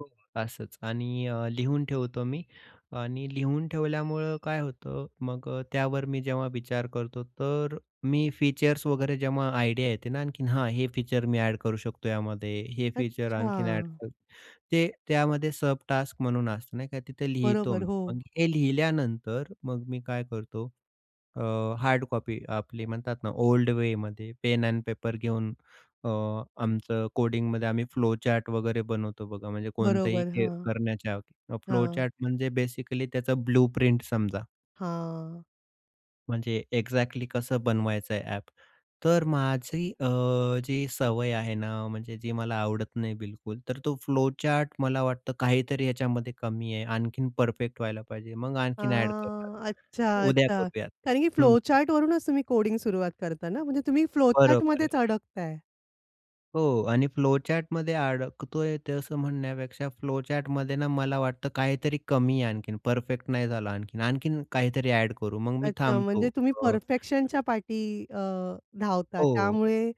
हो, असंच आणि अ, लिहून ठेवतो मी आणि लिहून ठेवल्यामुळं काय होतं मग अ, त्यावर मी जेव्हा विचार करतो तर मी फीचर्स वगैरे जेव्हा आयडिया येते ना आणखीन, हा हे फीचर मी ॲड करू शकतो यामध्ये. हे फीचर आणखीन ॲड अच्छा. करू. ते त्यामध्ये सब टास्क म्हणून असतं नाही का तिथे लिहितो बरोबर, मी. हो. मग हे लिहिल्यानंतर मग मी काय करतो? अ, हार्ड कॉपी आपली म्हणतात ना ओल्ड वेमध्ये पेन एंड पेपर घेऊन अ, आमचं कोडिंगमध्ये आम्ही फ्लोचार्ट वगैरे बनवतो बघा, म्हणजे कोणतंही बरोबर. हे हां. करण्याच्या. हां. फ्लोचार्ट म्हणजे बेसिकली त्याचं ब्लू प्रिंट समजा. हां. म्हणजे एक्झॅक्टली कसं बनवायचं आहे ॲप. तर माझी अ, जी सवय आहे ना म्हणजे जी मला आवडत नाही बिलकुल, तर तो फ्लोचार्ट मला वाटतं काहीतरी याच्यामध्ये कमी आहे. आणखीन परफेक्ट व्हायला पाहिजे. मग आणखीन ॲड हां. करूयात. अच्छा, उद्या अच्छा. करूयात. कारण की हं. फ्लोचार्टवरूनच तुम्ही कोडिंग सुरुवात करता ना. म्हणजे तुम्ही बरोबर आहे. फ्लोचार्टमध्येच अडकताय. हो आणि फ्लोचार्टमध्ये अडकतोय तसं म्हणण्यापेक्षा फ्लोचार्टमध्ये ना मला वाटतं काहीतरी कमी आहे आणखीन. परफेक्ट नाही झालं आणखीन. आणखीन काहीतरी ॲड करू. मग मी अच्छा. थांबतो. म्हणजे तुम्ही अ परफेक्शनच्या पाठी अ, धावता हो, त्यामुळे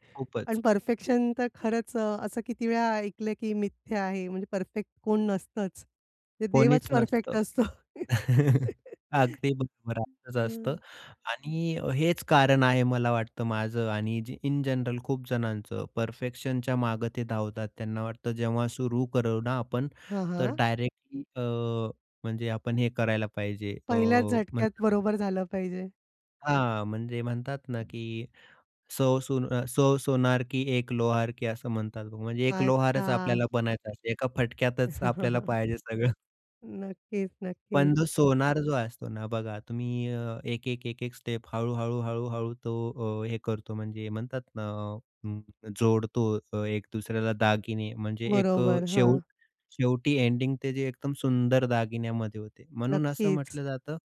आणि खूपच. परफेक्शन तर खरंच अ, असं किती वेळा ऐकलं, की मिथ्या आहे. म्हणजे परफेक्ट कोण नसतंच. ते कोणीच देवच परफेक्ट नसतं. असतो. अगदी बरोबर. असंच हं. असतं आणि अ, हेच कारण आहे मला वाटतं माझं आणि ज इन जनरल खूपजणांचं. परफेक्शनच्या मागे ते धावतात. त्यांना वाटतं, जेव्हा सुरू करू ना आपण, हां, तर हां. डायरेक्टली अ, म्हणजे आपण हे करायला पाहिजे अ, पहिल्याच झटक्यात म्हणतात बरोबर झालं पाहिजे. हां, म्हणजे म्हणतात ना की सौ अ सौ सोनार की एक लोहार की, असं म्हणतात. म्हणजे एक लोहारच अच्छा. आपल्याला बनायचं असतं. एका फटक्यातच आपल्याला पाहिजे सगळं. नक्कीच, नक्कीच. पण जो सोनार जो असतो ना बघा तुम्ही अ, एक, एक, एक, एक स्टेप हळू, हळू, हळू, हळू तो अ, हे करतो म्हणजे म्हणतात ना अ, जोडतो अ, एक दुसऱ्याला दागिने म्हणजे एक अ, बरोबर. हां. शेवट शेवटी एंडिंग ते जे एकदम सुंदर दागिन्यामध्ये होते. म्हणून असं नक्कीच. म्हटलं जातं